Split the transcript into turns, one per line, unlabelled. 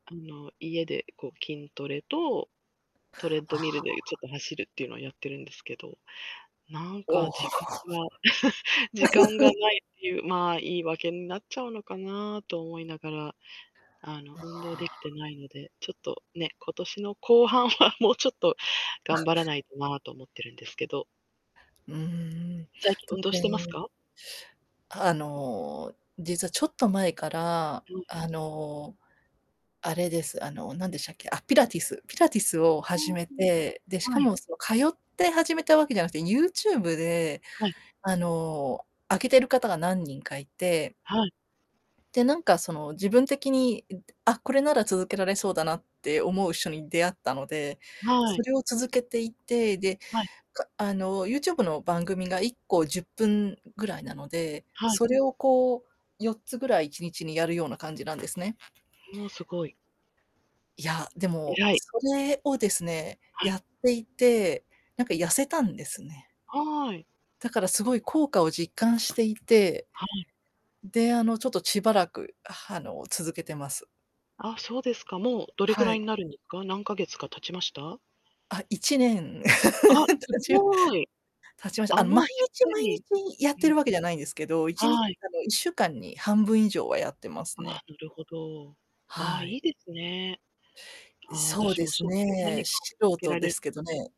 あの、家で、こう、筋トレと、トレッ
あ
ドミルでちょっ
あ。
と走るっていうのをやってるんですけど、なんか、
おお。
時間が 時間が ないっていうまあ、言い訳になっちゃうのかな、と思いながら、あの、
あ
運動できて
あ。
ないので、ちょっとね、今年の後半はもうちょっと頑張ら
[unintelligible]
ないとな、と思ってるんですけど。
うーん、
最近、運動してます
[unintelligible]
か？
あの、実はちょっと前から、
うん。
あの、あれです、あの、何でしたっけ？あ、ピラティス、ピラティスを
[unintelligible]
始め
は
て、で、しか
い。
も、その、通って始めた訳じゃなくて、YouTube で、
はい。
あの、上げてる方が何人かいて
はい。
で、なんかその自分的に、あ、これなら続けられそうだなって思う人に出会ったので、
は
そ
い。
れを続けていて、で、
はい。
かあの、YouTube の番組が1個10分ぐらいなので、
はい。
それをこう4つぐらい1日にやるような感じなんですね。
おお、すごい。
いや、で
え
も、
らい。
それをですね、
はい。
やっていて、なんか痩せたんですね。
はい。
だからすごい効果を実感していて、
は
で、あ
い。
の、ちょっとしばらく、は、あの、続けてます。
あ、そうですか。もうどれく
は
らい
い。
になるんですか？何か月か経ちました？
あっ、1年
あ、す
たち、
ごい。
経ちました。
あ、
あの、
もう、
毎
しっ
日
か
毎
り
日やっ
う
て
ん。
るわけじゃないんですけど、いちに
はい。
あの、1週間に半分以上はやってます
あ
ね。
あ、なるほど。ああ、
は
い
い。
いですね。ああ、
そう
私
で
も
す
そういう何
ね、
かを見
し素
つけ
人
ら
で
れる
す
と
けどね。